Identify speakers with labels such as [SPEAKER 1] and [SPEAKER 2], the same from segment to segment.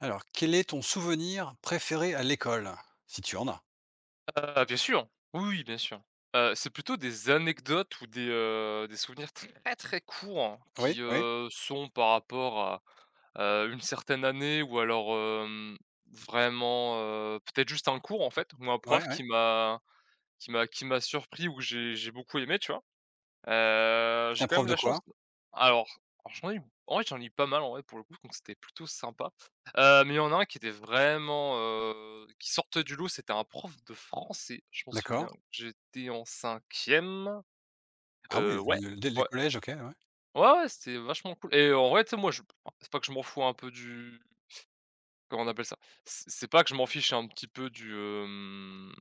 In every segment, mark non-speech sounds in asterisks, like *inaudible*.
[SPEAKER 1] Alors, quel est ton souvenir préféré à l'école? Si tu en as?
[SPEAKER 2] Ah bien sûr, oui, oui, bien sûr. Heu, c'est plutôt des anecdotes ou des, heu, des souvenirs très très courts
[SPEAKER 1] Oui,
[SPEAKER 2] qui,
[SPEAKER 1] oui.
[SPEAKER 2] heu, sont par rapport à, heu, une certaine année ou alors, hem, vraiment, heu, peut-être juste un cours en fait, où un
[SPEAKER 1] Ouais,
[SPEAKER 2] prof
[SPEAKER 1] ouais.
[SPEAKER 2] qui m'a qui m'a qui m'a surpris ou j'ai j'ai beaucoup aimé, tu vois? Heu,
[SPEAKER 1] C'était
[SPEAKER 2] j'ai
[SPEAKER 1] un
[SPEAKER 2] quand
[SPEAKER 1] prof
[SPEAKER 2] même
[SPEAKER 1] de
[SPEAKER 2] la chance
[SPEAKER 1] quoi?
[SPEAKER 2] d alors, j'en ai eu b, *unintelligible* j'en ai eu pas mal en vrai, pour le coup donc c'était plutôt sympa, heu, mais il y en a un qui était vraiment, heu, qui sortait du lot, c'était un prof de français, je m'en souviens.
[SPEAKER 1] D'accord.
[SPEAKER 2] J'étais en cinquième.
[SPEAKER 1] Ah
[SPEAKER 2] Heu,
[SPEAKER 1] oui,
[SPEAKER 2] ouais,
[SPEAKER 1] le les les
[SPEAKER 2] ouais.
[SPEAKER 1] collèges, OK ouais.
[SPEAKER 2] Ouais, ouais, c'était vachement cool et heu, en vrai tu sais? Moi je p c'est pas que je m'en fous un peu du *sniffs* comment on appelle ça? C c'est pas que je m'en fiche un petit peu, du, hem,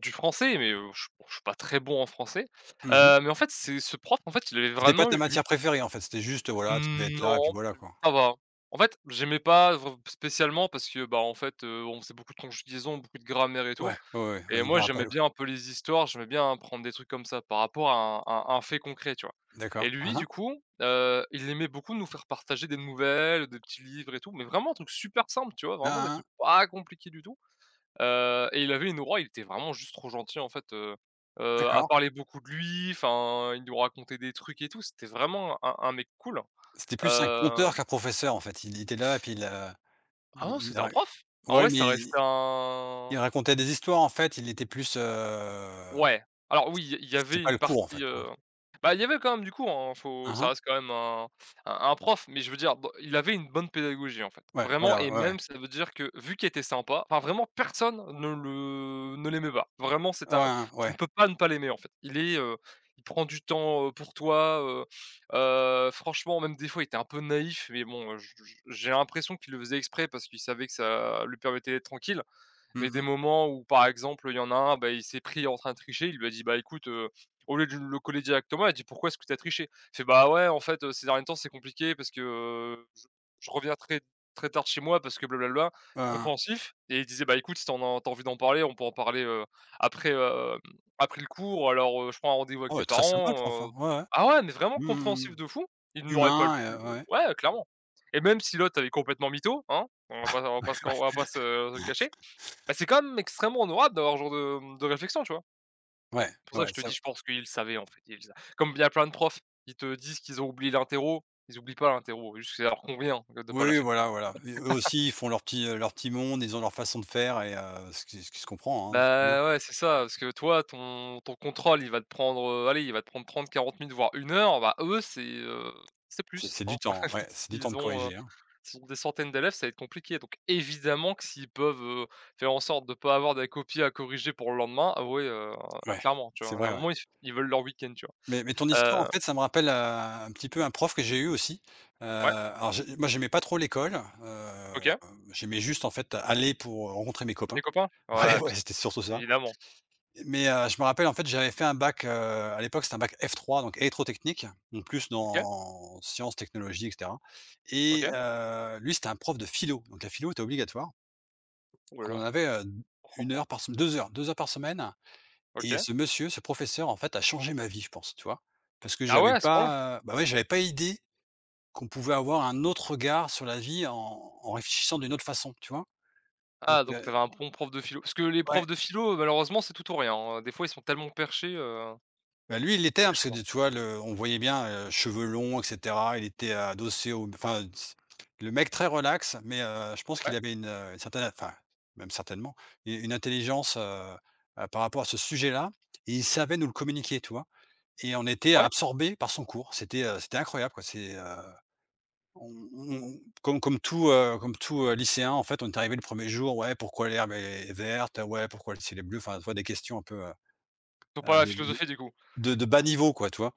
[SPEAKER 2] du français, mais heu, je suis je suis pas très bon en français,
[SPEAKER 1] Mmh mh.
[SPEAKER 2] heu, mais en fait, c'est ce prof, en fait, il avait
[SPEAKER 1] C'était pas
[SPEAKER 2] vraiment
[SPEAKER 1] ta matière
[SPEAKER 2] eu
[SPEAKER 1] préférée, en fait, c'était juste, heu, voilà, tu devais
[SPEAKER 2] Mmh,
[SPEAKER 1] être là et puis
[SPEAKER 2] non,
[SPEAKER 1] voilà quoi.
[SPEAKER 2] ça va. En fait, j'aimais pas vr spécialement parce que, bah, en fait, heu, on faisait beaucoup de conjugaison, beaucoup de grammaire et tout
[SPEAKER 1] Ouais, ouais, ouais, ouais
[SPEAKER 2] et
[SPEAKER 1] je
[SPEAKER 2] moi
[SPEAKER 1] me rappelle,
[SPEAKER 2] j'aimais
[SPEAKER 1] ouais.
[SPEAKER 2] bien un peu les histoires. J'aimais bien apprendre des trucs comme ça par rapport à à un fait concret, tu vois?
[SPEAKER 1] D'accord.
[SPEAKER 2] Et
[SPEAKER 1] Mmh
[SPEAKER 2] lui
[SPEAKER 1] mh.
[SPEAKER 2] du coup, heu, il aimait beaucoup nous faire partager des nouvelles, des petits livres et tout, mais vraiment des trucs supers simples, tu vois?
[SPEAKER 1] Mmh
[SPEAKER 2] Vraiment des
[SPEAKER 1] mh.
[SPEAKER 2] trucs pas compliqués du tout, heu, et il avait une aura, il était vraiment juste trop gentil en fait, heu, heu, à
[SPEAKER 1] D'accord.
[SPEAKER 2] parler beaucoup de lui, enfin, il nous racontait des trucs et tout. C'était vraiment un un un mec cool,
[SPEAKER 1] C'était plus un
[SPEAKER 2] heu
[SPEAKER 1] conteur, qu'un professeur en fait. Il était là et puis il a
[SPEAKER 2] Ah non
[SPEAKER 1] il il
[SPEAKER 2] c'était un
[SPEAKER 1] ra
[SPEAKER 2] prof. En
[SPEAKER 1] ouais
[SPEAKER 2] vrai, ça
[SPEAKER 1] mais
[SPEAKER 2] reste
[SPEAKER 1] il
[SPEAKER 2] un
[SPEAKER 1] racontait des histoires en fait, il était plus, heu,
[SPEAKER 2] Ouais. Alors oui, il y a il y
[SPEAKER 1] c c'était
[SPEAKER 2] avait
[SPEAKER 1] pas
[SPEAKER 2] une
[SPEAKER 1] le cours en
[SPEAKER 2] partie,
[SPEAKER 1] fait, hein.
[SPEAKER 2] heu, bah, il y avait quand même du cours, hein, faut
[SPEAKER 1] Mmh
[SPEAKER 2] ça
[SPEAKER 1] mh.
[SPEAKER 2] reste quand même un f un un prof, mais je veux dire dans il avait une bonne pédagogie en fait.
[SPEAKER 1] Ouais,
[SPEAKER 2] Vraiment
[SPEAKER 1] voilà,
[SPEAKER 2] et
[SPEAKER 1] ouais, ouais.
[SPEAKER 2] même ça veut dire, que vu qu'il était sympa enfin vraiment personne ne le ne l'aimait pas, vraiment
[SPEAKER 1] Ouais,
[SPEAKER 2] c'était un
[SPEAKER 1] hein,
[SPEAKER 2] tu ne
[SPEAKER 1] ouais.
[SPEAKER 2] peux pas ne pas l'aimer en fait il est, heu, il prend du temps, heu, pour toi, heu. *sniffs* Heu, franchement même des fois, il était un peu naïf mais bon, heu, je je j'ai l'impression qu'il le faisait exprès, parce qu'il savait que ça lui permettait d'être tranquille,
[SPEAKER 1] Mmh
[SPEAKER 2] mais des
[SPEAKER 1] mh.
[SPEAKER 2] moments où par exemple, il y en a un, bah, il s'est pris en train de tricher, il lui a dit: «Bah écoute, heu», au lieu du le coller directement, il a dit: «Pourquoi est-ce que tu as triché?» Il fait: «Bah, ouais en fait, heu, ces derniers temps c'est compliqué parce que, heu, je je reviens très très tard de chez moi parce que blablabla».
[SPEAKER 1] Ah ah.
[SPEAKER 2] Compréhensif et il disait: «Bah, écoute, si tu en as tu as envie d'en parler, on peut en parler, heu, après, hem, après le cours, ou alors, heu, je prends rendez-vous avec tes
[SPEAKER 1] Ouais, très sympa le prof,
[SPEAKER 2] parents», heu
[SPEAKER 1] hein,
[SPEAKER 2] ah ouais, mais vraiment compréhensif de
[SPEAKER 1] ouais,
[SPEAKER 2] fou. Il n'aurait pas l pu, heu,
[SPEAKER 1] ouais.
[SPEAKER 2] ouais clairement et même si l'autre avait complètement mytho, hein. On va pas on vas pas se on va pas se, heu, le cacher. Bah,
[SPEAKER 1] *laughs*
[SPEAKER 2] c'est quand même extrêmement honorable d'avoir ce genre de, hem, de réflexion, tu vois?
[SPEAKER 1] Ouais,
[SPEAKER 2] C'est pour ça que
[SPEAKER 1] ouais,
[SPEAKER 2] je te dis,
[SPEAKER 1] so
[SPEAKER 2] je pense qu'il le savait en fait. Il sa comme il y a plein de profs, ils te disent qu'ils ont oublié l'interro. Ils oublient pas l'interro, c'est juste que ça leur convient de pas la
[SPEAKER 1] Oui
[SPEAKER 2] faire.
[SPEAKER 1] voilà, voilà et eux
[SPEAKER 2] *laughs*
[SPEAKER 1] aussi, ils font leur petit, heu, leur petit monde, ils ont leur façon de faire et heu, ce qui ce qui se comprend, hein, c'est bien.
[SPEAKER 2] Bah, ouais, c'est ça, parce que toi ton ton contrôle, il va te prendre, heu, allez, il va te prendre 30-40 minutes voire 1 heure, bah eux, c'est, heu, c'est
[SPEAKER 1] C'est
[SPEAKER 2] plus,
[SPEAKER 1] c'est
[SPEAKER 2] hein.
[SPEAKER 1] du temps, heu,
[SPEAKER 2] *laughs*
[SPEAKER 1] ouais, c'est du temps de
[SPEAKER 2] S'ils ont, heu,
[SPEAKER 1] corriger, hein.
[SPEAKER 2] s'ils ont des centaines d'élèves, ça va être compliqué, donc évidemment, que s'ils peuvent, heu, faire en sorte de pas avoir des copies à corriger pour le lendemain. Ah oui, heu,
[SPEAKER 1] Ouais,
[SPEAKER 2] clairement, tu
[SPEAKER 1] c'est
[SPEAKER 2] vois? Il y a
[SPEAKER 1] vrai,
[SPEAKER 2] un
[SPEAKER 1] ouais.
[SPEAKER 2] moment s ils veulent leur week-end, tu
[SPEAKER 1] Mais mais ton histoire, en
[SPEAKER 2] vois? Heu
[SPEAKER 1] fait, ça me rappelle, heu, un petit peu un prof que j'ai eu aussi. Heu,
[SPEAKER 2] Ouais.
[SPEAKER 1] alors, je moi j'aimais pas trop l'école. Hem,
[SPEAKER 2] OK.
[SPEAKER 1] j'aimais juste en fait, aller pour, heu, rencontrer mes
[SPEAKER 2] Les
[SPEAKER 1] copains.
[SPEAKER 2] copains,
[SPEAKER 1] Ouais,
[SPEAKER 2] ouais bien
[SPEAKER 1] ouais,
[SPEAKER 2] sûr,
[SPEAKER 1] c'était surtout ça
[SPEAKER 2] évidemment.
[SPEAKER 1] mais heu, je me rappelle, en fait, j'avais fait un bac, heu, à l'époque, c'est un bac F3, donc électro-technique, donc plus
[SPEAKER 2] OK.
[SPEAKER 1] dans sciences, technologies et cetera et
[SPEAKER 2] OK
[SPEAKER 1] heu, lui, c'était un prof de philo, donc la philo était obligatoire.
[SPEAKER 2] Ouh là
[SPEAKER 1] On en
[SPEAKER 2] là!
[SPEAKER 1] avait, heu, d
[SPEAKER 2] Oh
[SPEAKER 1] 1
[SPEAKER 2] oh.
[SPEAKER 1] heure par sem 2 heures, 2 heures par semaine et
[SPEAKER 2] OK.
[SPEAKER 1] ce monsieur ce professeur en fait, a changé ma vie, je pense, tu vois? Parce que
[SPEAKER 2] Ah ouais,
[SPEAKER 1] j'avais
[SPEAKER 2] à ce point-là?
[SPEAKER 1] pas, heu, bah, ouais j'avais pas idée, qu'on pouvait avoir un autre regard sur la vie en en réfléchissant d'une autre façon, tu vois? Donc
[SPEAKER 2] Ah donc tu
[SPEAKER 1] heu
[SPEAKER 2] avais un bon prof de philo parce que les
[SPEAKER 1] Ouais.
[SPEAKER 2] profs de philo, heu, malheureusement c'est tout ou rien hein, des fois ils sont tellement perchés, heu
[SPEAKER 1] Ben lui, il l'était,
[SPEAKER 2] C'est
[SPEAKER 1] hein,
[SPEAKER 2] quelque
[SPEAKER 1] parce que
[SPEAKER 2] chose, hein.
[SPEAKER 1] de tu vois? Le on voyait bien, heu, cheveux longs et cetera. Il était adossé au m enfin s le mec très relax, mais heu, je pense qu'il
[SPEAKER 2] Ouais.
[SPEAKER 1] avait une, heu, certaine enfin, même certainement u une intelligence, heu, bah, par rapport à ce sujet-là et il savait nous le communiquer, tu vois? Et on était
[SPEAKER 2] Ouais.
[SPEAKER 1] absorbé par son cours. C'était, heu, c'était incroyable quoi c'est, heu, on on comme comme tout, heu, comme tout, heu, lycéen en fait, on est arrivé le 1er jour: «Ouais pourquoi l'herbe est verte? Ouais pourquoi le ciel est bleu?» Enfin, tu vois? Des questions un peu, heu,
[SPEAKER 2] Ils ont
[SPEAKER 1] heu,
[SPEAKER 2] pas la
[SPEAKER 1] de de de
[SPEAKER 2] philosophie du coup.
[SPEAKER 1] de de bas niveau, quoi tu vois?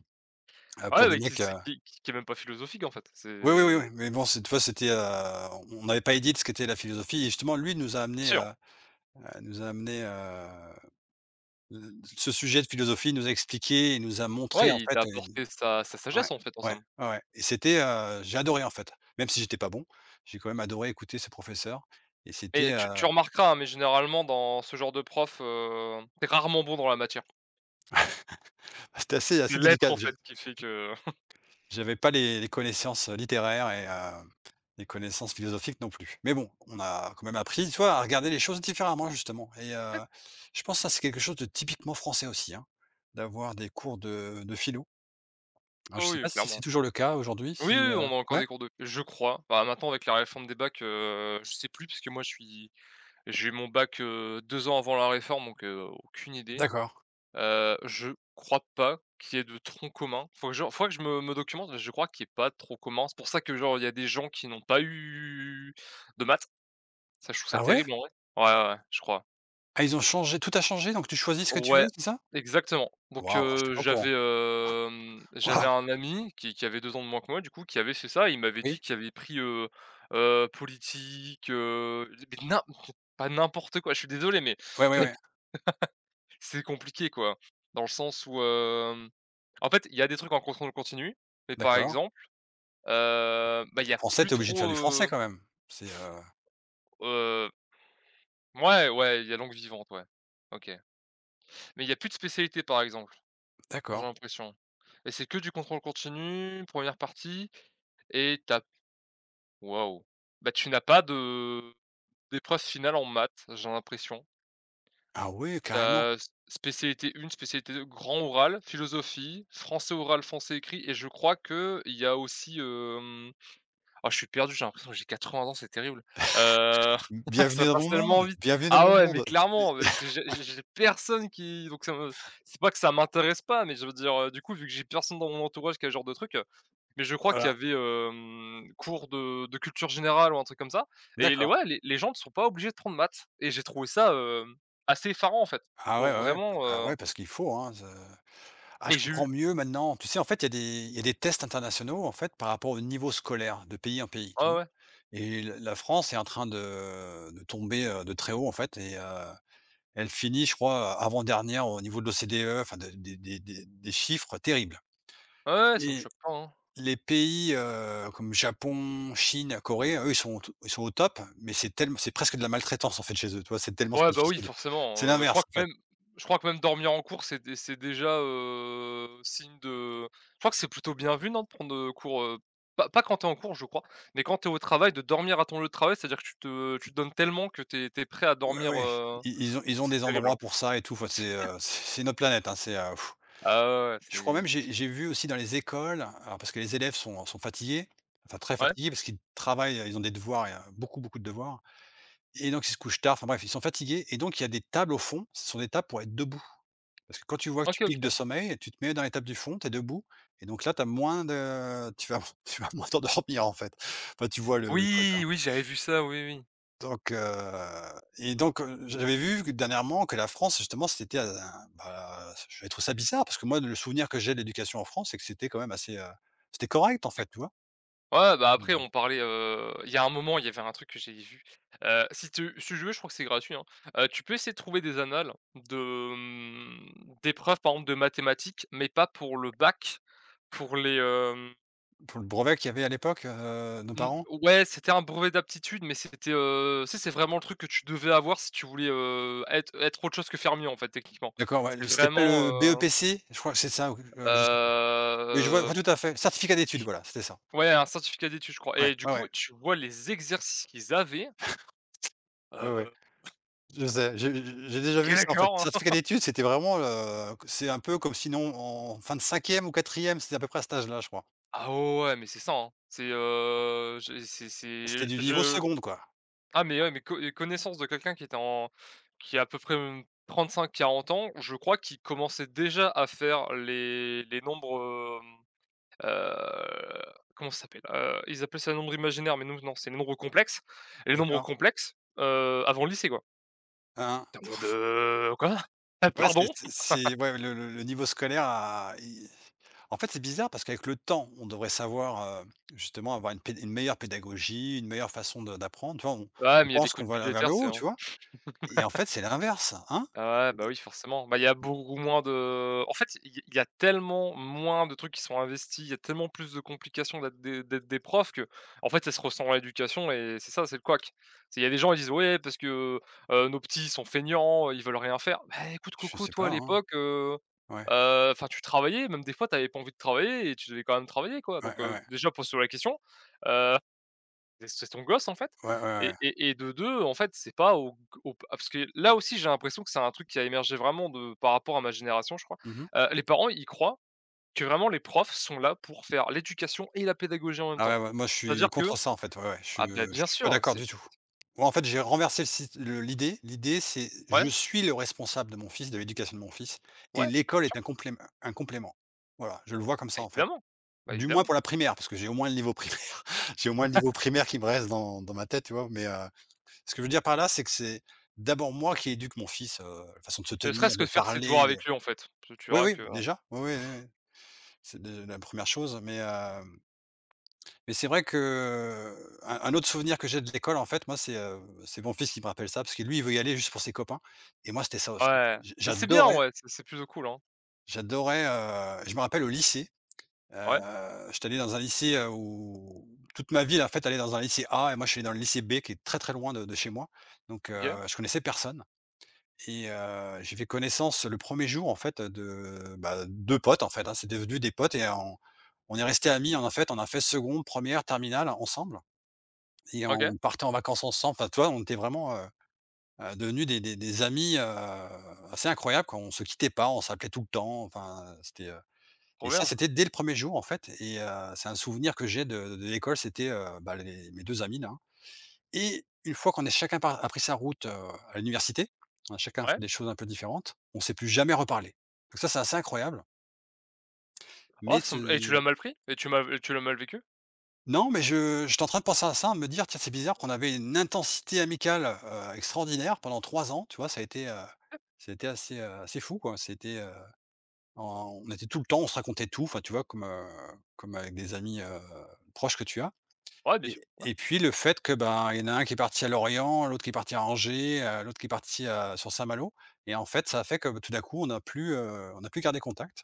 [SPEAKER 1] Heu, pour
[SPEAKER 2] Ouais
[SPEAKER 1] des
[SPEAKER 2] mais qui
[SPEAKER 1] mecs, heu
[SPEAKER 2] c'est qui qui qui est même pas philosophique en fait,
[SPEAKER 1] Oui oui, oui oui
[SPEAKER 2] c'est
[SPEAKER 1] mais bon, c'est tu vois? C'était, heu, on avait pas idée de ce qu'était la philosophie et justement lui nous a amenés
[SPEAKER 2] Sûr.
[SPEAKER 1] à à nous a amenés, heu, l ce sujet
[SPEAKER 2] *sniffs*
[SPEAKER 1] de philosophie. Il nous a expliqué, il nous a montré
[SPEAKER 2] Ouais
[SPEAKER 1] en
[SPEAKER 2] il t'a
[SPEAKER 1] fait, heu
[SPEAKER 2] apporté sa sa
[SPEAKER 1] ouais
[SPEAKER 2] sagesse en fait, en
[SPEAKER 1] ouais,
[SPEAKER 2] somme.
[SPEAKER 1] ouais, ouais et c'était, heu, j'adorais en fait, même si j'étais pas bon. J'ai quand même adoré écouter ce professeur et c'était,
[SPEAKER 2] Et tu tu
[SPEAKER 1] heu
[SPEAKER 2] remarqueras, hein, mais généralement dans ce genre de prof, heu, tu es rarement bon dans la matière.
[SPEAKER 1] *laughs* Ah c'était assez
[SPEAKER 2] C'est
[SPEAKER 1] assez
[SPEAKER 2] l'être
[SPEAKER 1] délicat
[SPEAKER 2] en
[SPEAKER 1] je
[SPEAKER 2] fait qui fait
[SPEAKER 1] j
[SPEAKER 2] que *chuckles*
[SPEAKER 1] j'avais pas les les connaissances, heu, littéraires et heu, et les connaissances philosophiques, non plus, mais bon, on a quand même appris, tu vois? À regarder les choses différemment justement et
[SPEAKER 2] *unintelligible*
[SPEAKER 1] heu, je pense ça, c'est quelque chose de typiquement français aussi, hein, d'avoir des cours de de philo. Alors je
[SPEAKER 2] Oh
[SPEAKER 1] sais
[SPEAKER 2] oui
[SPEAKER 1] pas, si c'est
[SPEAKER 2] clairement.
[SPEAKER 1] toujours le cas aujourd'hui
[SPEAKER 2] Oui
[SPEAKER 1] si,
[SPEAKER 2] oui
[SPEAKER 1] heu,
[SPEAKER 2] on a encore
[SPEAKER 1] ouais?
[SPEAKER 2] des cours de je crois, bah, maintenant avec la réforme des bacs, heu, je sais plus, puisque moi, je suis j'ai eu mon bac heu, 2 ans avant la réforme donc heu, aucune idée.
[SPEAKER 1] D'accord.
[SPEAKER 2] Heu, je crois pas qu'il y ait de tronc commun, faut que je faudrait que je me me documente, mais je crois qu'il est pas trop commun. C'est pour ça que, genre il y a des gens qui n'ont pas eu de maths, ça je trouve ça
[SPEAKER 1] Ah ouais?
[SPEAKER 2] terrible en vrai, ouais, ouais, ouaus je crois.
[SPEAKER 1] Ah, ils ont changé, tout a changé, donc tu choisis ce que tu veux,
[SPEAKER 2] Ouais.
[SPEAKER 1] c'est ça?
[SPEAKER 2] Exactement donc
[SPEAKER 1] Waouh, j'étais
[SPEAKER 2] heu,
[SPEAKER 1] pas au courant,
[SPEAKER 2] j'avais, hem j'avais
[SPEAKER 1] waouh.
[SPEAKER 2] un ami qui qui avait 2 ans de moins que moi, du coup qui avait fait ça et il m'avait dit
[SPEAKER 1] Oui.
[SPEAKER 2] qu'il avait pris, heu, heu, politique, heu, li beh, nim pas n'importe quoi, je suis désolé mais
[SPEAKER 1] Ouais,
[SPEAKER 2] *laughs*
[SPEAKER 1] ouais,
[SPEAKER 2] c'est
[SPEAKER 1] ouais.
[SPEAKER 2] c'est compliqué quoi, dans le sens où, hem en fait, il y a des trucs en contrôle continu, mais par
[SPEAKER 1] D'accord.
[SPEAKER 2] exemple, heu, bah, il y a
[SPEAKER 1] Français,
[SPEAKER 2] plus
[SPEAKER 1] tu es obligé de faire
[SPEAKER 2] trop,
[SPEAKER 1] du français
[SPEAKER 2] heu
[SPEAKER 1] quand même, c'est, heu
[SPEAKER 2] heu Mouais, ouais il y a langue vivante, ouais. OK, mais il y a plus de spécialité, par exemple. J'ai
[SPEAKER 1] D'accord.
[SPEAKER 2] l'impression et c'est que du contrôle continu, 1re partie et tu as p waouh. Bah tu n'as pas de d'épreuve finale en maths, j'ai l'impression.
[SPEAKER 1] Ah ouais
[SPEAKER 2] Tu
[SPEAKER 1] carrément.
[SPEAKER 2] as, s spécialité 1, spécialité 2, grand oral, philosophie, français oral, français écrit et je crois qu'il y a aussi, hem oh je suis perdu, j'ai l'impression que j'ai 80 ans c'est terrible. Heu,
[SPEAKER 1] *laughs* B
[SPEAKER 2] *laughs*
[SPEAKER 1] bienvenue
[SPEAKER 2] ça
[SPEAKER 1] dans
[SPEAKER 2] passe
[SPEAKER 1] mon monde!
[SPEAKER 2] tellement vite.
[SPEAKER 1] Bienvenue dans
[SPEAKER 2] Ah
[SPEAKER 1] mon
[SPEAKER 2] ouais, mais
[SPEAKER 1] monde
[SPEAKER 2] clairement mais parce que j'ai
[SPEAKER 1] p et
[SPEAKER 2] j
[SPEAKER 1] *laughs*
[SPEAKER 2] j'ai personne qui donc ça me c'est pas que ça m'intéresse pas, mais je veux dire du coup, vu que j'ai personne dans mon entourage qui a ce genre de truc, heu, mais je crois qu'il y
[SPEAKER 1] Voilà.
[SPEAKER 2] avait, hem, cours de de culture générale ou un truc comme ça et les
[SPEAKER 1] D'accord.
[SPEAKER 2] ouais, les les gens ne sont pas obligés de prendre maths et j'ai trouvé ça, hem, assez effarant en fait,
[SPEAKER 1] Ah ouais,
[SPEAKER 2] donc
[SPEAKER 1] ouais, ouais.
[SPEAKER 2] vraiment,
[SPEAKER 1] Bah,
[SPEAKER 2] heu
[SPEAKER 1] ouais parce qu'il faut, hein ce ah je
[SPEAKER 2] Et j'ai
[SPEAKER 1] comprends
[SPEAKER 2] eu
[SPEAKER 1] mieux maintenant, tu sais? En fait, il y a des il y a des tests internationaux en fait, par rapport au niveau scolaire de pays en pays
[SPEAKER 2] Ouais,
[SPEAKER 1] tout
[SPEAKER 2] ouais.
[SPEAKER 1] et l la France est en train de de tomber, heu, de très haut en fait et heu, elle finit, je crois, heu, avant-dernière au niveau de l'OCDE enfin, de des des des chiffres terribles
[SPEAKER 2] Ouais, ouais, ouais, ça me
[SPEAKER 1] et
[SPEAKER 2] choque pas, hein.
[SPEAKER 1] les pays, heu, comme Japon, Chine, Corée. Eux, ils sont au t ils sont au top mais c'est tellem c'est presque de la maltraitance en fait, chez eux, tu vois? C'est tellement s
[SPEAKER 2] Ouais, bah oui,
[SPEAKER 1] difficile. C'est
[SPEAKER 2] forcément, heu, je crois
[SPEAKER 1] l'inverse, en
[SPEAKER 2] que
[SPEAKER 1] fait.
[SPEAKER 2] même je crois que même dormir en cours, c'est dé c'est déjà, heu, signe de je crois que c'est plutôt bien vu, non? De prendre, heu, cours, heu pas pas quand tu es en cours je crois, mais quand tu es au travail de dormir à ton lieu de travail. C'est-à-dire que tu te tu te donnes tellement que tu es tu es prêt à
[SPEAKER 1] Ouais,
[SPEAKER 2] dormir,
[SPEAKER 1] ouais.
[SPEAKER 2] heu
[SPEAKER 1] I i ils ont
[SPEAKER 2] donc
[SPEAKER 1] ils ont
[SPEAKER 2] c'est
[SPEAKER 1] des
[SPEAKER 2] terrible, hein.
[SPEAKER 1] endroits pour ça et tout enfin c'est,
[SPEAKER 2] *laughs*
[SPEAKER 1] heu, c'est c'est une autre planète, hein, c'est, heu
[SPEAKER 2] Ah ouais, ouais
[SPEAKER 1] *blows air* je crois
[SPEAKER 2] c'est
[SPEAKER 1] même j'ai j'ai vu aussi dans les écoles alors parce que les élèves sont, heu, sont fatigués, enfin, très
[SPEAKER 2] Ouais.
[SPEAKER 1] fatigués parce qu'ils travaillent et ils ont des devoirs et heu, beaucoup beaucoup de devoirs et donc ils se couchent tard. Enfin bref, ils sont fatigués et donc il y a des tables au fond, ce sont des tables pour être debout parce que quand tu vois que tu
[SPEAKER 2] OK
[SPEAKER 1] piques de
[SPEAKER 2] OK.
[SPEAKER 1] sommeil tu te mets dans les tables du fond, tu es debout et donc là tu as moins de tu vas tu vas moins t'endormir en fait, enfin tu vois le le truc
[SPEAKER 2] Oui,
[SPEAKER 1] hein?
[SPEAKER 2] oui j'avais vu ça, oui, oui.
[SPEAKER 1] Donc, heu, et donc heu, j j'avais vu que dernièrement, que la France justement c'était un un, bah, j'avais trouvé ça bizarre parce que moi le souvenir que j'ai de l'éducation en France c'est que c'était quand même assez, heu, c'était correct, en
[SPEAKER 2] *unintelligible*
[SPEAKER 1] fait tu vois?
[SPEAKER 2] Ouais, ouais, bah, après
[SPEAKER 1] Bah.
[SPEAKER 2] on parlait, heu, il y a un moment il y avait un truc que j'avais vu, heu, si tu s tu veux, je crois que c'est gratuit, hein. Heu, tu peux essayer de trouver des annales de, hem, d'épreuves pardon de mathématiques mais pas pour le bac pour les, hem
[SPEAKER 1] Pour le brevet qu'il y avait à l'époque, heu, nos
[SPEAKER 2] Mmh,
[SPEAKER 1] parents?
[SPEAKER 2] ouais, c'était un brevet d'aptitude mais c'était, heu, tu sais? C'est vraiment le truc que tu devais avoir si tu voulais, heu, être être autre chose que fermier en fait, techniquement.
[SPEAKER 1] D'accord ouais,
[SPEAKER 2] C'est
[SPEAKER 1] heu, c'était pas
[SPEAKER 2] vraiment,
[SPEAKER 1] le
[SPEAKER 2] heu
[SPEAKER 1] BEPC, je crois que c'est ça ou, heu, je sais plus, mais je vois je
[SPEAKER 2] Hem
[SPEAKER 1] vois tout à fait. Certificat d'études! Voilà, c'était ça.
[SPEAKER 2] Ouais, un certificat d'études je crois
[SPEAKER 1] Ouais,
[SPEAKER 2] et du
[SPEAKER 1] ouais,
[SPEAKER 2] coup
[SPEAKER 1] ouais.
[SPEAKER 2] tu vois? Les exercices qu'ils avaient.
[SPEAKER 1] *chuckles* Ouais, ouais.
[SPEAKER 2] Heu
[SPEAKER 1] Je sais, j'ai j'ai j'ai déjà
[SPEAKER 2] OK,
[SPEAKER 1] vu ça en fait,
[SPEAKER 2] d'accord.
[SPEAKER 1] certificat
[SPEAKER 2] *laughs*
[SPEAKER 1] d'études, c'était vraiment, heu, q c'est un peu comme si nous, en fin de cinquième ou quatrième c'était à peu près à cet âge-là, je crois.
[SPEAKER 2] Ah ouais ouais, mais c'est ça hein. C'est, heu, je c'est c'est
[SPEAKER 1] C'était du niveau
[SPEAKER 2] je
[SPEAKER 1] seconde quoi.
[SPEAKER 2] ah mais ouais, mais co et connaissance de quelqu'un qui était en qui à à peu près, mmh, 35-40 ans ou je crois, qu'il commençait déjà à faire les les nombres, hem, heu, comment ça s'appelle, heu, ils appellent ça nombres imaginaires, mais nous non, c'est nombres complexes et les nombres
[SPEAKER 1] D'accord.
[SPEAKER 2] complexes, heu, avant le lycée quoi.
[SPEAKER 1] Hein?
[SPEAKER 2] Attends mais de quoi? Heu,
[SPEAKER 1] Ouais c'est
[SPEAKER 2] pardon?
[SPEAKER 1] c
[SPEAKER 2] *laughs*
[SPEAKER 1] c'est, ouais, le le le niveau scolaire a il en fait, c'est bizarre parce qu'avec le temps, on devrait savoir, heu, justement avoir une pé une meilleure pédagogie, une meilleure façon de d'apprendre, tu vois? On
[SPEAKER 2] Ouais,
[SPEAKER 1] on
[SPEAKER 2] mais il y a des
[SPEAKER 1] pense
[SPEAKER 2] coupes
[SPEAKER 1] qu'on va aller vers le
[SPEAKER 2] budgétaires, c'est
[SPEAKER 1] haut. Tu
[SPEAKER 2] vraiment
[SPEAKER 1] vois? Et en fait, c'est l'inverse. Hein?
[SPEAKER 2] *laughs* ouais, bah, oui forcément, bah, il y a
[SPEAKER 1] C d
[SPEAKER 2] beaucoup moins de en fait, il y a il y a tellement moins de trucs qui sont investis, il y a tellement plus de complications la des det des profs que, en fait ça se ressent dans l'éducation et, c'est ça, c'est le couac. C'est il y a des gens, ils disent: «Ouais parce que, heu, nos petits ils sont feignants, heu, ils veulent rien faire». Beh, écoute,
[SPEAKER 1] Je
[SPEAKER 2] coco,
[SPEAKER 1] sais
[SPEAKER 2] toi, à
[SPEAKER 1] pas, hein.
[SPEAKER 2] l'époque, heu,
[SPEAKER 1] Ouais.
[SPEAKER 2] heu, enfin tu travaillais, même des fois, tu avais pas envie de travailler et tu devais quand même travailler, quoi
[SPEAKER 1] Ouais,
[SPEAKER 2] donc,
[SPEAKER 1] ouais,
[SPEAKER 2] heu,
[SPEAKER 1] ouais.
[SPEAKER 2] déjà pose-toi la question. Heu, des c'est ton gosse, en fait,
[SPEAKER 1] Ouais, ouais, ouais.
[SPEAKER 2] et et et de 2 en fait, c'est pas au g au p ah parce que là aussi j'ai l'impression que c'est un truc qui a émergé vraiment de par rapport à ma génération je crois,
[SPEAKER 1] Mmh mh.
[SPEAKER 2] heu, les parents, ils croient que, vraiment, les profs sont là pour faire l'éducation et la pédagogie en même temps.
[SPEAKER 1] Ah ouais, ouais. Moi je suis
[SPEAKER 2] C'est-à-dire que
[SPEAKER 1] contre ça en fait, ouais, ouais, je
[SPEAKER 2] ah bah
[SPEAKER 1] je
[SPEAKER 2] bien
[SPEAKER 1] suis pas
[SPEAKER 2] sûr,
[SPEAKER 1] d'accord
[SPEAKER 2] c'est s
[SPEAKER 1] du tout. Moi en fait, j'ai renversé le sit le l'idée. L'idée c'est je
[SPEAKER 2] Ouais.
[SPEAKER 1] suis le responsable de mon fils, de l'éducation de mon fils,
[SPEAKER 2] Ouais,
[SPEAKER 1] et
[SPEAKER 2] bien
[SPEAKER 1] l'école
[SPEAKER 2] sûr.
[SPEAKER 1] est un complém un complément, voilà, je le vois comme
[SPEAKER 2] Bah
[SPEAKER 1] ça, en fait.
[SPEAKER 2] évidemment, bah
[SPEAKER 1] Du moins,
[SPEAKER 2] évidemment.
[SPEAKER 1] pour la primaire, parce que j'ai au moins le niveau primaire, *chuckles* j'ai au moins le niveau primaire
[SPEAKER 2] *laughs*
[SPEAKER 1] qui me reste dans dans ma tête. Tu vois? Mais, heu, ce que je veux dire par là, c'est que c'est d'abord moi qui éduque mon fils, heu, façon de se
[SPEAKER 2] Ne
[SPEAKER 1] tenir,
[SPEAKER 2] serait-ce que
[SPEAKER 1] de
[SPEAKER 2] de faire ses devoirs
[SPEAKER 1] parler, de
[SPEAKER 2] avec lui en fait, parce que tu
[SPEAKER 1] oui,
[SPEAKER 2] verras
[SPEAKER 1] oui
[SPEAKER 2] que
[SPEAKER 1] déjà, ouais, ouais, ouais,
[SPEAKER 2] *chuckles*
[SPEAKER 1] ouais c'est de la 1re chose mais, hem mais c'est vrai que, un un autre souvenir que j'ai de l'école en fait, moi, c'est, heu, c'est mon fils qui me rappelle ça parce que lui, il veut y aller juste pour ses copains. Et moi c'était ça aussi,
[SPEAKER 2] Ouais.
[SPEAKER 1] j
[SPEAKER 2] Heu, c'est bien en
[SPEAKER 1] j'adorais
[SPEAKER 2] vrai, c c'est plutôt cool, hein.
[SPEAKER 1] j'adorais, heu, je me rappelle au lycée,
[SPEAKER 2] Ouais.
[SPEAKER 1] heu, j'étais allé dans un lycée, heu, où, toute ma ville, en fait, allait dans un lycée A et moi je suis allé dans le lycée B, qui est très, très loin de de chez moi, donc, heu,
[SPEAKER 2] OK.
[SPEAKER 1] je connaissais personne, et heu, j'ai fait connaissance le 1er jour, en fait, de, bah, 2 potes, en fait, hein, c'est devenu des potes et en on est resté amis, en fait, on a fait seconde, première, terminale, ensemble. Et
[SPEAKER 2] OK!
[SPEAKER 1] on partait en vacances ensemble, enfin, tu vois? On était vraiment, heu, heu, devenus des des des amis, heu, assez incroyables, quoi, on se quittait pas, on s'appelait tout le temps, enfin c'était, heu,
[SPEAKER 2] Trop
[SPEAKER 1] et ça
[SPEAKER 2] bien!
[SPEAKER 1] c'était dès le 1er jour en fait, et heu, c'est un souvenir que j'ai de de l'école, c'était, heu, bah, les mes 2 amis là. Et 1 fois qu'on est chacun par a pris sa route, à l'université, on a chacun fait
[SPEAKER 2] Ouais.
[SPEAKER 1] des choses un peu différentes, on s'est plus jamais reparlés. Donc ça, c'est assez incroyable.
[SPEAKER 2] Ah,
[SPEAKER 1] Mais
[SPEAKER 2] ça me et tu l'as
[SPEAKER 1] ce
[SPEAKER 2] mal pris? Et tu m'as v heu, tu l'as mal vécu?
[SPEAKER 1] Non mais je j'étais en train de penser à ça, à me dire: «Tiens, c'est bizarre qu'on avait une intensité amicale, heu, extraordinaire pendant 3 ans». Tu vois? Ça a été, heu,
[SPEAKER 2] Ouais.
[SPEAKER 1] ça a été assez, heu, assez fou, quoi, ça a été, heu, en on était tout le temps, on se racontait tout enfin, tu vois, comme, heu, comme avec des amis, heu, proches que tu as.
[SPEAKER 2] Ouais, bien sûr.
[SPEAKER 1] Et
[SPEAKER 2] Ouais.
[SPEAKER 1] et puis le fait que, ben, il y en a un qui est parti à Lorient, l'autre qui est parti à Angers, heu, l'autre qui est parti à sur Saint-Malo et en fait, ça fait que b tout d'un coup on a plus, heu, on a plus gardé contact.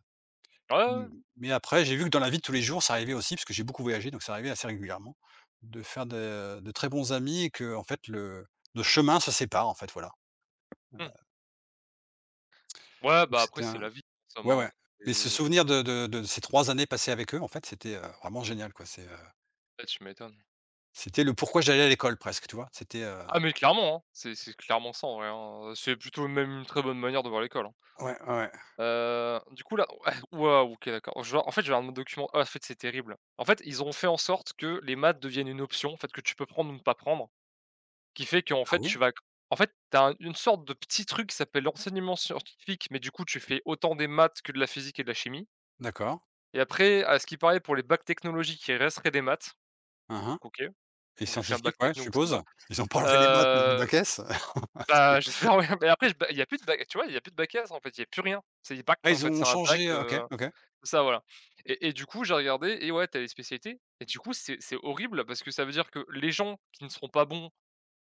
[SPEAKER 2] Ah ouais, ouais,
[SPEAKER 1] Mmh,
[SPEAKER 2] ouais.
[SPEAKER 1] mais après j'ai vu que dans la vie de tous les jours, ça arrivait aussi parce que j'ai beaucoup voyagé donc c'est arrivé assez régulièrement de faire de de très bons amis et qu'en fait le le chemin se sépare en fait, voilà. Heu.
[SPEAKER 2] Mmh. Ouais,
[SPEAKER 1] Donc
[SPEAKER 2] bah, après
[SPEAKER 1] c'était
[SPEAKER 2] c'est
[SPEAKER 1] un
[SPEAKER 2] la vie,
[SPEAKER 1] ouais
[SPEAKER 2] seulement
[SPEAKER 1] ouais, mais ce
[SPEAKER 2] c'est
[SPEAKER 1] souvenir de de de ces 3 années passées avec eux, en fait, c'était, heu, vraiment génial quoi, c'est, heu
[SPEAKER 2] Ouais, tu m'étonnes.
[SPEAKER 1] C'était le pourquoi j'allais à l'école presque, tu vois? C'était, heu
[SPEAKER 2] Ah mais clairement, hein, c'est c'est clairement ça en vrai hein, heu, c'est plutôt même une très bonne manière de voir l'école, hein.
[SPEAKER 1] Ouais. Ouais, ouais.
[SPEAKER 2] Heu, du coup là ouais, waouh. OK d'accord, genre, en fait, je viens de voir mon document ah en fait, c'est terrible. En fait, ils ont fait en sorte que les maths deviennent une option, en fait, que tu peux prendre ou ne pas prendre, qui fait qu'en
[SPEAKER 1] Ah
[SPEAKER 2] fait tu
[SPEAKER 1] oui?
[SPEAKER 2] vas en fait tu as une sorte de petit truc qui s'appelle l'enseignement scientifique mais du coup, tu fais autant des maths que de la physique et de la chimie.
[SPEAKER 1] D'accord.
[SPEAKER 2] Et après, à ce qu'il parait, pour les bacs technologiques, il resterait des maths.
[SPEAKER 1] Ah ah.
[SPEAKER 2] OK,
[SPEAKER 1] Les
[SPEAKER 2] donc j'ai fait un bac
[SPEAKER 1] scientifiques, ouais, je
[SPEAKER 2] techno donc ça me
[SPEAKER 1] suppose.
[SPEAKER 2] va.
[SPEAKER 1] Ils ont pas enlevé les maths du
[SPEAKER 2] Heu
[SPEAKER 1] bac S?
[SPEAKER 2] bah, j'espère *chuckles* ouais mais
[SPEAKER 1] *chuckles* *unintelligible*
[SPEAKER 2] après, bah, il y a plus de bac, tu vois? Il y a plus de bac S, en fait, il y a plus rien. C'est des bacs
[SPEAKER 1] Ah
[SPEAKER 2] qui, en
[SPEAKER 1] ils
[SPEAKER 2] fait,
[SPEAKER 1] ont
[SPEAKER 2] c'est un bac,
[SPEAKER 1] changé OK,
[SPEAKER 2] heu
[SPEAKER 1] OK.
[SPEAKER 2] c'est ça voilà et et du coup j'ai regardé et ouais tu as les spécialités et du coup, c'est c'est horrible parce que ça veut dire que les gens qui ne seront pas bons,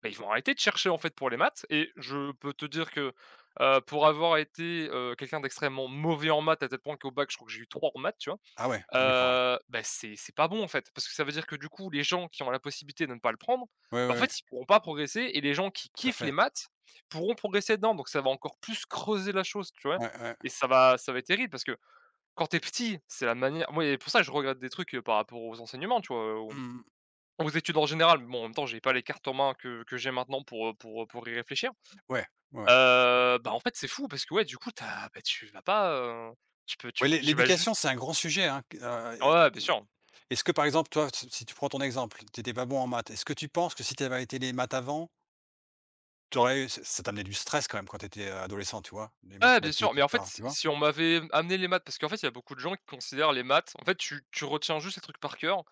[SPEAKER 2] beh ils vont arrêter de chercher, en fait, pour les maths et je peux te dire que, heu, pour avoir été, heu, quelqu'un d'extrêmement mauvais en maths à tel point qu'au bac, je crois que j'ai eu 3 en maths, tu vois?
[SPEAKER 1] Ah ouais? Ah d'accord, ouais.
[SPEAKER 2] Heu, bah, c'est c'est pas bon, en fait, parce que ça veut dire que du coup les gens qui ont la possibilité de ne pas le prendre,
[SPEAKER 1] Ouais,
[SPEAKER 2] bah,
[SPEAKER 1] ouais,
[SPEAKER 2] en
[SPEAKER 1] ouais.
[SPEAKER 2] fait, ils pourront pas progresser et les gens qui
[SPEAKER 1] Tout à
[SPEAKER 2] kiffent les
[SPEAKER 1] fait!
[SPEAKER 2] maths pourront progresser dedans, donc ça va encore plus creuser la chose, tu vois?
[SPEAKER 1] Ouais, ouais.
[SPEAKER 2] Et ça va ça va être terrible parce que quand tu es petit, c'est la manière moi et pour ça je regrette des trucs, heu, par rapport aux enseignements, tu vois? Aux
[SPEAKER 1] Mmh mh.
[SPEAKER 2] aux études, en général, mais bon en même temps, j'avais pas les cartes en mains, que que j'ai maintenant pour, heu, pour, heu, pour y réfléchir.
[SPEAKER 1] Ouais, ouais, ouais.
[SPEAKER 2] Heu, bah, en fait, c'est fou parce que, ouais du coup tu as, bah, tu vas pas, heu, tu peux, tu
[SPEAKER 1] Oui, l'é
[SPEAKER 2] tu vas juste
[SPEAKER 1] l'éducation c'est un grand sujet hein, que, heu,
[SPEAKER 2] Ah ouais, ouais, bien sûr.
[SPEAKER 1] et est-ce que par exemple toi si si tu prends ton exemple, tu étais pas bon en maths, est-ce que tu penses que si tu avais arrêté les maths avant tu aurais eu, ça ça t'amenait du stress quand même quand tu étais, heu, adolescent, tu vois? Les
[SPEAKER 2] Ouais, bien sûr,
[SPEAKER 1] mathématiques
[SPEAKER 2] mais
[SPEAKER 1] et
[SPEAKER 2] en fait,
[SPEAKER 1] cetera,
[SPEAKER 2] si
[SPEAKER 1] tu vois?
[SPEAKER 2] si on m'avait amené les maths parce qu'en fait il y a beaucoup de gens qui considèrent les maths en fait, tu tu retiens juste ces trucs par cœur,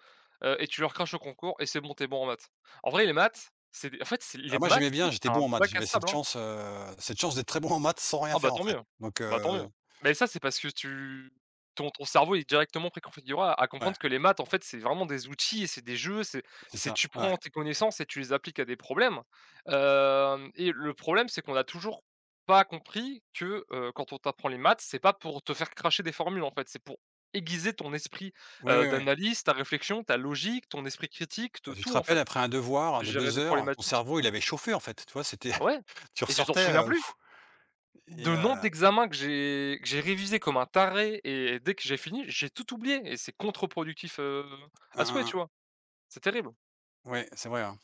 [SPEAKER 2] heu, et tu le recraches au concours et c'est bon tu es bon en maths. En vrai les maths, c'est en fait, c'est les
[SPEAKER 1] Ah moi
[SPEAKER 2] maths,
[SPEAKER 1] j'aimais
[SPEAKER 2] c'est
[SPEAKER 1] bien, j'étais
[SPEAKER 2] un
[SPEAKER 1] bon en maths.
[SPEAKER 2] bac à
[SPEAKER 1] J'avais cette
[SPEAKER 2] sable, hein.
[SPEAKER 1] chance, heu, cette chance d'être très bon en maths sans rien
[SPEAKER 2] Ah bah
[SPEAKER 1] faire, en
[SPEAKER 2] tant
[SPEAKER 1] fait,
[SPEAKER 2] mieux.
[SPEAKER 1] donc
[SPEAKER 2] Bah tant mieux,
[SPEAKER 1] heu,
[SPEAKER 2] mais ça c'est parce que tu ton ton cerveau est directement pré-configuré à à comprendre
[SPEAKER 1] Ouais.
[SPEAKER 2] ce que les maths, en fait, c'est vraiment des outils et c'est des jeux. C'est
[SPEAKER 1] C'est
[SPEAKER 2] c'est,
[SPEAKER 1] ça!
[SPEAKER 2] tu
[SPEAKER 1] Ouais.
[SPEAKER 2] prends tes connaissances et tu les appliques à des problèmes, hem et le problème, c'est qu'on a toujours pas compris que, heu, quand on t'apprend les maths c'est pas pour te faire cracher des formules, en fait, c'est pour aiguiser ton esprit,
[SPEAKER 1] Oui,
[SPEAKER 2] heu,
[SPEAKER 1] oui, oui.
[SPEAKER 2] d'analyse, ta réflexion, ta logique, ton esprit critique de
[SPEAKER 1] Ah, tu te
[SPEAKER 2] tout, en
[SPEAKER 1] rappelles
[SPEAKER 2] fait.
[SPEAKER 1] après un devoir de
[SPEAKER 2] Gérer
[SPEAKER 1] 2
[SPEAKER 2] des
[SPEAKER 1] heures, ton
[SPEAKER 2] problématiques?
[SPEAKER 1] cerveau
[SPEAKER 2] Ah
[SPEAKER 1] il
[SPEAKER 2] bah
[SPEAKER 1] avait
[SPEAKER 2] tu
[SPEAKER 1] chauffé, en fait, tu vois?
[SPEAKER 2] *unintelligible*
[SPEAKER 1] C'était *chuckles*
[SPEAKER 2] ouais
[SPEAKER 1] tu
[SPEAKER 2] et tu t'en
[SPEAKER 1] ressortais,
[SPEAKER 2] souviens
[SPEAKER 1] heu,
[SPEAKER 2] plus?
[SPEAKER 1] *blows air* et
[SPEAKER 2] De nombre
[SPEAKER 1] heu
[SPEAKER 2] d'examens que j'ai que j'ai révisés comme un taré et dès que j'ai fini, j'ai tout oublié et c'est contre-productif, heu, à
[SPEAKER 1] Han, han,
[SPEAKER 2] souhait tu
[SPEAKER 1] han.
[SPEAKER 2] vois? C'est terrible!
[SPEAKER 1] Ouais, c'est vrai, hein.